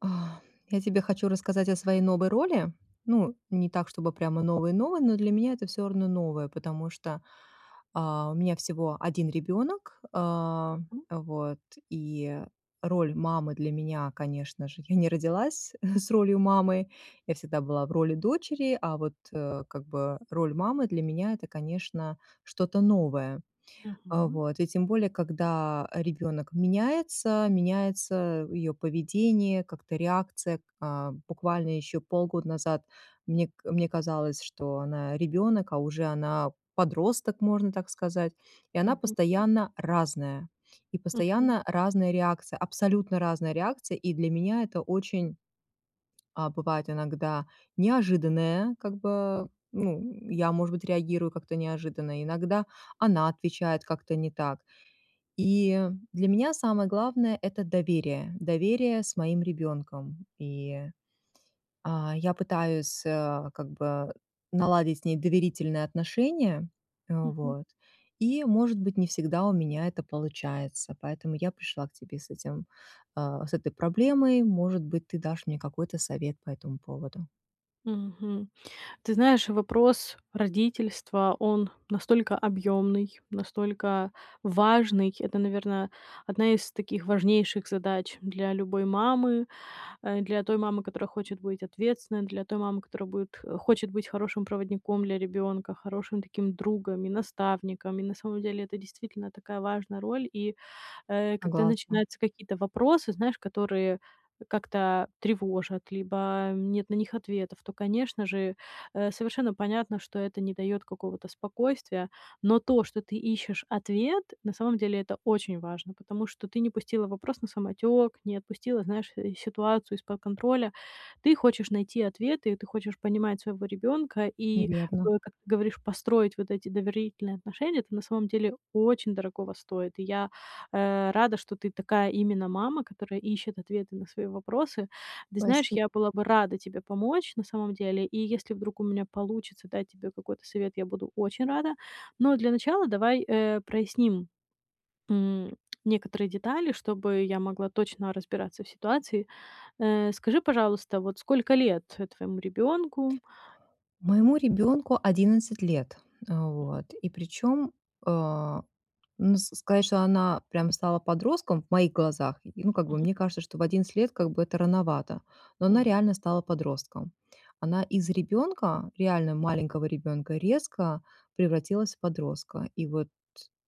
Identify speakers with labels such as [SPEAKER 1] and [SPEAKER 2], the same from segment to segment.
[SPEAKER 1] Я тебе хочу рассказать о своей новой роли. Ну, не так, чтобы прямо новой-новой, но для меня это всё равно новое, потому что, э, у меня всего 1 ребёнок, э,
[SPEAKER 2] М.
[SPEAKER 1] вот, и роль мамы для меня, конечно же, я не родилась с ролью мамы, я всегда была в роли дочери, а вот, э, как бы, роль мамы для меня- это, конечно, что-то новое. Э,
[SPEAKER 2] Мгм.
[SPEAKER 1] вот, и тем более когда ребёнок меняется, меняется её поведение, как-то реакция. А, буквально ещё полгода назад мне к мне казалось, что она ребёнок, а уже она подросток, можно так сказать, и она
[SPEAKER 2] Мгм, м.
[SPEAKER 1] постоянно разная, и
[SPEAKER 2] Мгм.
[SPEAKER 1] постоянно разная реакция, абсолютно разная реакция, и для меня это очень, а, бывает иногда неожиданная, как бы, ну, я, может быть, реагирую как-то неожиданно, иногда она отвечает как-то не так. И для меня самое главное это доверие, доверие с моим ребёнком, и, а, я пытаюсь, э, как бы наладить с ней доверительные отношения,
[SPEAKER 2] Мгм.
[SPEAKER 1] вот, и может быть не всегда у меня это получается, поэтому я пришла к тебе с этим, э, с этой проблемой. Может быть, ты дашь мне какой-то совет по этому поводу.
[SPEAKER 2] Мгм. Ты знаешь, вопрос родительства, он настолько объёмный, настолько важный. Это, наверное, одна из таких важнейших задач для любой мамы, а, для той мамы, которая хочет быть ответственной, для той мамы, которая будет хочет быть хорошим проводником для ребёнка, хорошим таким другом и наставником. И на самом деле, это, действительно, такая важная роль. И, э, когда
[SPEAKER 1] Согласна.
[SPEAKER 2] начинаются какие-то вопросы, знаешь, которые как-то тревожат, либо нет на них ответов, то, конечно же, э, совершенно понятно, что это не даёт какого-то спокойствия, но то, что ты ищешь ответ, на самом деле, это очень важно, потому что ты не пустила вопрос на самотёк, не отпустила, знаешь, э, ситуацию из-под контроля. Ты хочешь найти ответы, ты хочешь понимать своего ребёнка и,
[SPEAKER 1] Наверно.
[SPEAKER 2] о, как ты говоришь, построить вот эти доверительные отношения. Это на самом деле очень дорогого стоит. И я, э, рада, что ты такая именно мама, которая ищет ответы на свои вопросы. Ты знаешь,
[SPEAKER 1] Баси
[SPEAKER 2] я была бы рада тебе помочь на самом деле, и если вдруг у меня получится дать тебе какой-то совет, я буду очень рада. Но для начала давай, э, проясним, м, некоторые детали, чтобы я могла точно разбираться в ситуации. Э, скажи, пожалуйста, вот сколько лет твоему ребёнку?
[SPEAKER 1] Моему ребёнку 11 лет, а вот, и причём, э, ну, с сказать, что она, прямо, стала подростком в моих глазах, и, ну, как бы
[SPEAKER 2] Мгм.
[SPEAKER 1] мне кажется, что в 11 лет как бы это рановато, но она
[SPEAKER 2] М.
[SPEAKER 1] реально стала подростком. Она из ребёнка, реально маленького ребёнка, резко превратилась в подростка, и вот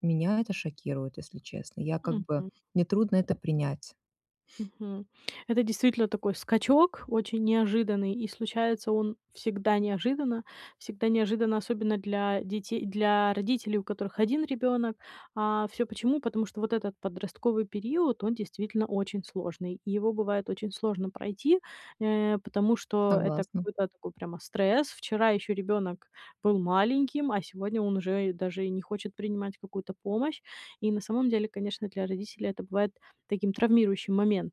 [SPEAKER 1] меня это шокирует, если честно. Я как бы,
[SPEAKER 2] Мгм.
[SPEAKER 1] мне трудно это принять.
[SPEAKER 2] Мгм. Это действительно такой скачок очень неожиданный, и случается он всегда неожиданно. Всегда неожиданно, особенно для детей для родителей, у которых 1 ребёнок. А всё почему? Потому что вот этот подростковый период, он действительно очень сложный, и его бывает очень сложно пройти, э, потому что это
[SPEAKER 1] Согласна.
[SPEAKER 2] какой-то такой прямо стресс. Вчера ещё ребёнок был маленьким, а сегодня он уже и даже и не хочет принимать какую-то помощь. И на самом деле, конечно, для родителей это бывает таким травмирующим моментом.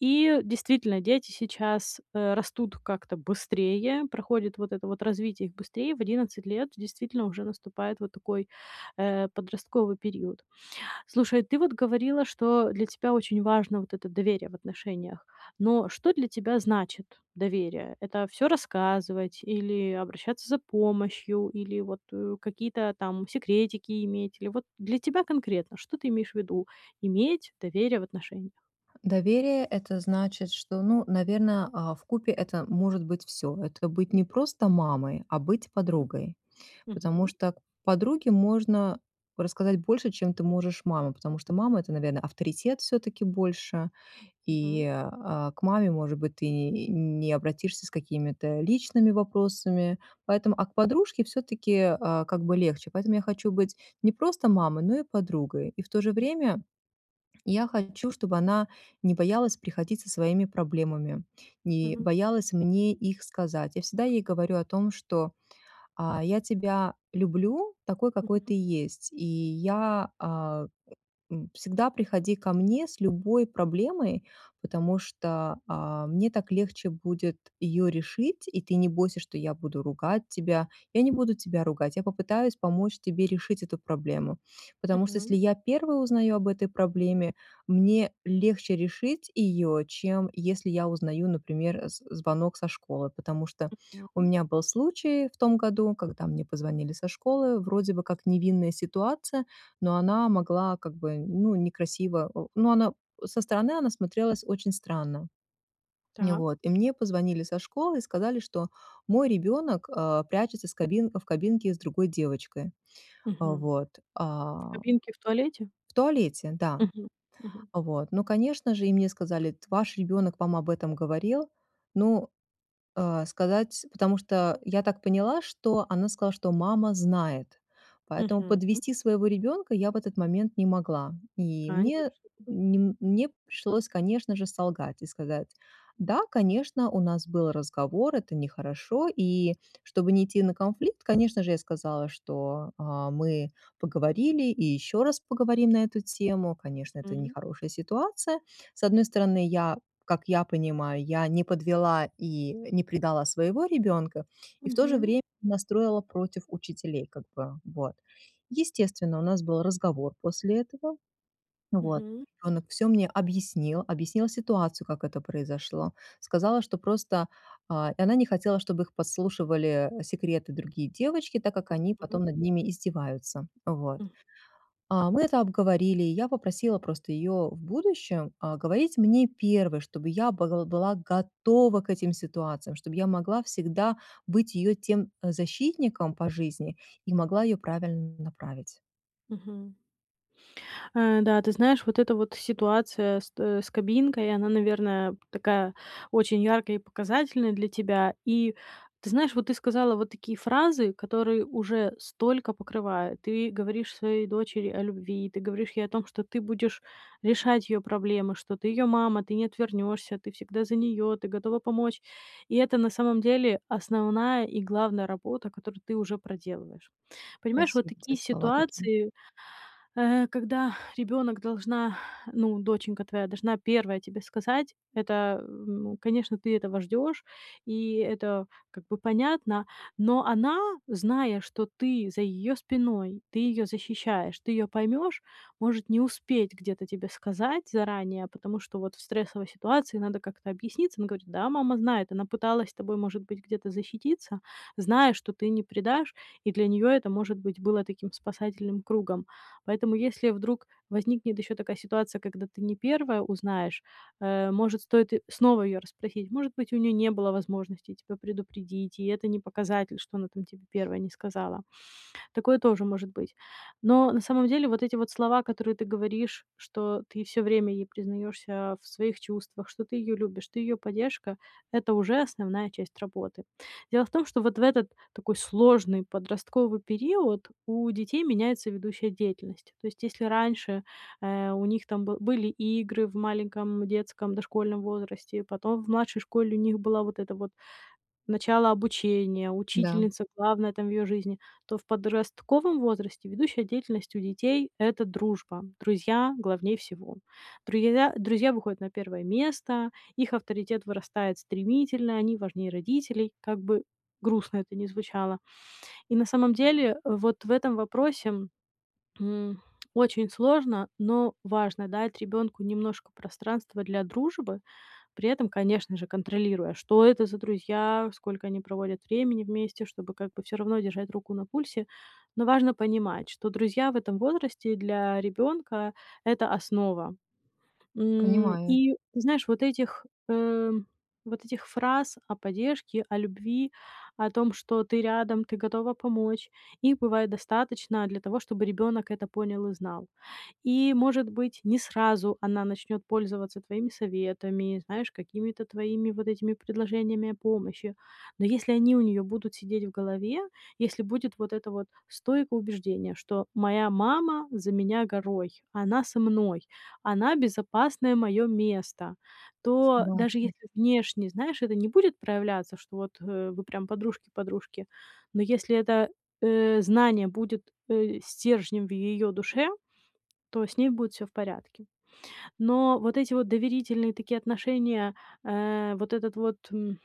[SPEAKER 2] И действительно, дети сейчас, э, растут как-то быстрее, проходит вот это вот развитие их быстрее. В 11 лет действительно уже наступает вот такой, э, подростковый период. Слушай, ты вот говорила, что для тебя очень важно вот это доверие в отношениях. Но что для тебя значит доверие? Это всё рассказывать, или обращаться за помощью, или вот, э, какие-то там секретики иметь, или вот для тебя конкретно, что ты имеешь в виду: иметь доверие в отношениях?
[SPEAKER 1] Доверие- это значит, что, ну, наверное, а, вкупе это может быть всё. Это быть
[SPEAKER 2] Мгм.
[SPEAKER 1] не просто мамой, а быть
[SPEAKER 2] М,
[SPEAKER 1] подругой, потому
[SPEAKER 2] мгм.
[SPEAKER 1] что к подруге можно рассказать больше, чем ты можешь мама, потому что мама это, наверно, авторитет всё-таки больше. И,
[SPEAKER 2] Мгм.
[SPEAKER 1] а, к маме, может быть, ты не обратишься с какими-то личными вопросами, поэтому, а к подружке всё-таки, а, как бы легче. Поэтому я хочу быть не просто мамой, но и подругой. И в то же время я хочу, чтобы она не боялась приходить со своими проблемами, не
[SPEAKER 2] Мгм.
[SPEAKER 1] боялась мне их сказать. Я всегда ей говорю о том, что, а, я тебя люблю такой, какой
[SPEAKER 2] Мгм.
[SPEAKER 1] ты есть, и я, а, м, всегда приходи ко мне с любой проблемой, потому что, э, мне так легче будет её решить, и ты не бойся, что я буду ругать тебя. Я не буду
[SPEAKER 2] М
[SPEAKER 1] тебя ругать, я попытаюсь помочь тебе решить эту проблему. Потому что если
[SPEAKER 2] Мгм.
[SPEAKER 1] я 1 узнаю об этой проблеме, мне легче решить её, чем если я узнаю, например, з звонок со школы, потому что у
[SPEAKER 2] Мгм.
[SPEAKER 1] меня был случай в том году, когда мне позвонили со школы, вроде бы как невинная ситуация, но она могла как бы, ну, некрасиво, о но она со стороны она смотрелась очень странно. И
[SPEAKER 2] Так.
[SPEAKER 1] вот, и мне позвонили со школы и сказали, что мой ребёнок, а, прячется с кабин в кабинке с другой девочкой. А
[SPEAKER 2] Мгм.
[SPEAKER 1] вот,
[SPEAKER 2] В
[SPEAKER 1] ам
[SPEAKER 2] кабинке, в туалете?
[SPEAKER 1] в туалете, да.
[SPEAKER 2] Мгм, мгм.
[SPEAKER 1] Вот, ну, конечно же, и мне сказали: "Т ваш ребенок вам об этом говорил?" Ну, а, сказать, потому что я так поняла, что она сказала, что мама знает, поэтому
[SPEAKER 2] Мгм.
[SPEAKER 1] подвести своего ребёнка я в этот момент не могла. И мне,
[SPEAKER 2] Конечно.
[SPEAKER 1] мн мне пришлось, конечно же, солгать и сказать: "Да, конечно, у нас был разговор, это нехорошо", и чтобы не идти на конфликт, конечно же, я сказала, что, а, мы поговорили, и ещё раз поговорим на эту тему. Конечно, это
[SPEAKER 2] Мгм.
[SPEAKER 1] нехорошая ситуация. С одной стороны, я, как я понимаю, я не подвела и не предала своего ребёнка, и в то же
[SPEAKER 2] Мгм.
[SPEAKER 1] время настроила против учителей как бы, вот. Естественно, у нас был разговор после этого, вот.
[SPEAKER 2] Мгм.
[SPEAKER 1] Ребёнок всё мне объяснил, объяснила ситуацию, как это произошло, сказала, что просто, а, она не хотела, чтобы их подслушивали секреты другие девочки, так как они
[SPEAKER 2] Мгм.
[SPEAKER 1] потом над ними издеваются. Вот,
[SPEAKER 2] М.
[SPEAKER 1] а мы это обговорили, и я попросила просто её в будущем, а говорить мне 1, чтобы я был была готова к этим ситуациям, чтобы я могла всегда быть её тем защитником по жизни и могла её правильно направить.
[SPEAKER 2] Мгм. Э, да, ты знаешь, вот эта вот ситуация с т с кабинкой, она, наверное, такая, очень яркая, и показательная для тебя. И ты знаешь, вот ты сказала вот такие фразы, которые уже столько покрывает. Ты говоришь своей дочери о любви, ты говоришь ей о том, что ты будешь решать её проблемы, что ты её мама, ты не отвернёшься, ты всегда за неё, ты готова помочь. И это на самом деле основная и главная работа, которую ты уже проделываешь. Понимаешь, вот
[SPEAKER 1] Спасибо те
[SPEAKER 2] такие
[SPEAKER 1] за слова такие.
[SPEAKER 2] ситуации, э, когда ребёнок должна ну, доченька твоя должна 1 тебе сказать. Это, э в ну, конечно, ты этого ждёшь, и это как бы понятно. Но она, зная, что ты за её спиной, ты её защищаешь, ты её поймёшь, может не успеть где-то тебе сказать заранее, потому что вот в стрессовой ситуации надо как-то объясниться. Она говорит, да, мама знает, она пыталась с тобой, может быть, где-то защититься, зная, что ты не предашь, и для неё это, может быть, было таким спасательным кругом. Поэтому если вдруг возникнет ещё такая ситуация, когда ты не 1 узнаешь, э, может, стоит и снова её расспросить. Может быть, у неё не было возможности тебя предупредить, и это не показатель, что она там тебе 1 не сказала. Такое тоже может быть. Но, на самом деле, вот эти вот слова, которые ты говоришь, что ты всё время ей признаёшься в своих чувствах, что ты её любишь, ты её поддержка- это уже основная часть работы. Дело в том, что вот в этот такой сложный подростковый период у детей меняется ведущая деятельность. То есть если раньше, а, у них там был были игры в маленьком детском дошкольном возрасте, и потом в младшей школе у них было вот это вот, начало обучения,
[SPEAKER 1] Да.
[SPEAKER 2] учительница, главная там в её жизни, то в подростковом возрасте ведущая деятельность у детей- это дружба. Друзья главней всего. Друя друзья выходят на 1 место, их авторитет вырастает стремительно, они важнее родителей, как бы грустно это ни звучало. И на самом деле, вот в этом вопросе, м, очень сложно, но важно дать ребёнку немножко пространства для дружбы, при этом, конечно же, контролируя, что это за друзья, сколько они проводят времени вместе, чтобы как бы всё равно держать руку на пульсе. Но важно понимать, что друзья в этом возрасте для ребёнка- это основа. М,
[SPEAKER 1] Понимаю.
[SPEAKER 2] и знаешь, вот этих, эм, вот этих фраз о поддержке, о любви, о том, что ты рядом, ты готова помочь. Их бывает достаточно для того, чтобы ребёнок это понял и знал. И может быть, не сразу она начнёт пользоваться твоими советами, знаешь, какими-то твоими вот этими предложениями о помощи. Но если они у неё будут сидеть в голове, если будет вот это вот стойкое убеждение, что моя мама за меня горой, она со мной, она безопасное моё место, то даже
[SPEAKER 1] Согласна.
[SPEAKER 2] если внешне, знаешь, это не будет проявляться, что вот, э, вы прям подружки-подружки, но если это, э, знание будет, э, стержнем в её душе, то с ней будет всё в порядке. Но вот эти вот доверительные такие отношения, э, вот этот вот, м,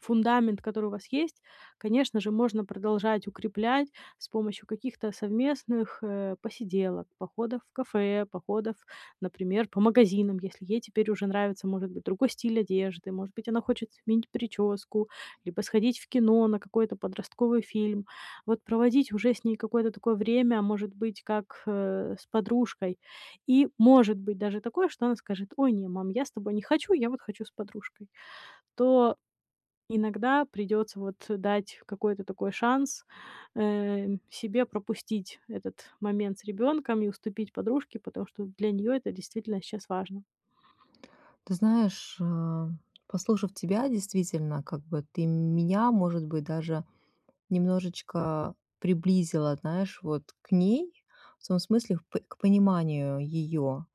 [SPEAKER 2] фундамент, который у вас есть, конечно же, можно продолжать укреплять с помощью каких-то совместных, э, посиделок, походов в кафе, походов, например, по магазинам, если ей теперь уже нравится, может быть, другой стиль одежды, может быть, она хочет сменить причёску, либо сходить в кино на какой-то подростковый фильм, вот проводить уже с ней какое-то такое время, может быть, как, э, с подружкой. И может быть даже такое, что она скажет: "Ой, не, мам, я с тобой не хочу, я вот хочу с подружкой", то иногда придётся, вот, дать какой-то такой шанс, э, мь себе пропустить этот момент с ребёнком, и уступить подружке, потому что для неё это действительно щас важно.
[SPEAKER 1] Ты знаешь, а, послушав тебя, действительно, как бы ты меня, может быть, даже немножечко приблизила, знаешь, вот, к ней, в том смысле в пон к пониманию её.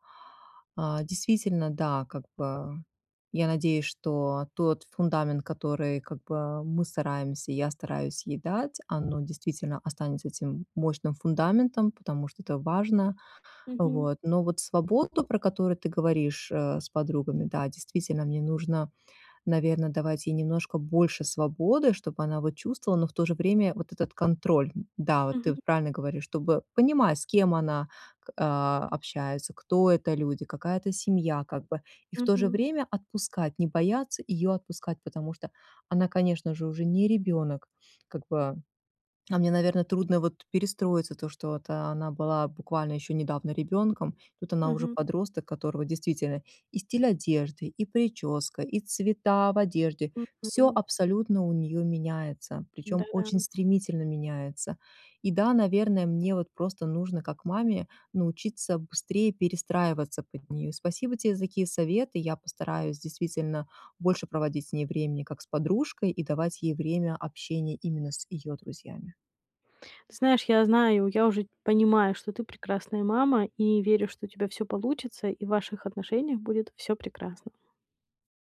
[SPEAKER 1] А, действительно, да, как бы, я надеюсь, что тот фундамент, который как бы мы стараемся, я стараюсь ей дать, оно действительно останется этим мощным фундаментом, потому что это важно.
[SPEAKER 2] Мгм.
[SPEAKER 1] Вот, но вот свободу, про которую ты говоришь, э, с подругами, да, действительно мне нужно, наверное, давать ей немножко больше свободы, чтоб она, вот, чувствовала, но в то же время вот этот контроль. Да, вот ты
[SPEAKER 2] Мгм.
[SPEAKER 1] вот правильно говоришь, чтобы понимать, с кем она к а, общается, кто это люди, какая это семья как бы, и в то же
[SPEAKER 2] Мгм.
[SPEAKER 1] время отпускать, не бояться её отпускать, потому что она, конечно же, уже не ребёнок. Как бы, а мне, наверно, трудно вот перестроиться то, что вот она была буквально ещё недавно ребёнком. Тут она уже
[SPEAKER 2] Мгм.
[SPEAKER 1] подросток, которого действительно и стиль одежды, и причёска, и цвета в одежде- всё
[SPEAKER 2] Мгм.
[SPEAKER 1] абсолютно у неё меняется, причём
[SPEAKER 2] Да-да,
[SPEAKER 1] очень
[SPEAKER 2] м.
[SPEAKER 1] стремительно меняется. И да, наверное, мне вот просто нужно как маме научиться быстрее перестраиваться под неё. Спасибо те за такие советы. Я постараюсь действительно больше проводить с ней времени как с подружкой, и давать ей время общения именно с её друзьями.
[SPEAKER 2] Ты знаешь, я знаю, я уже понимаю, что ты прекрасная мама, и верю, что у тебя всё получится, и в ваших отношениях будет всё прекрасно.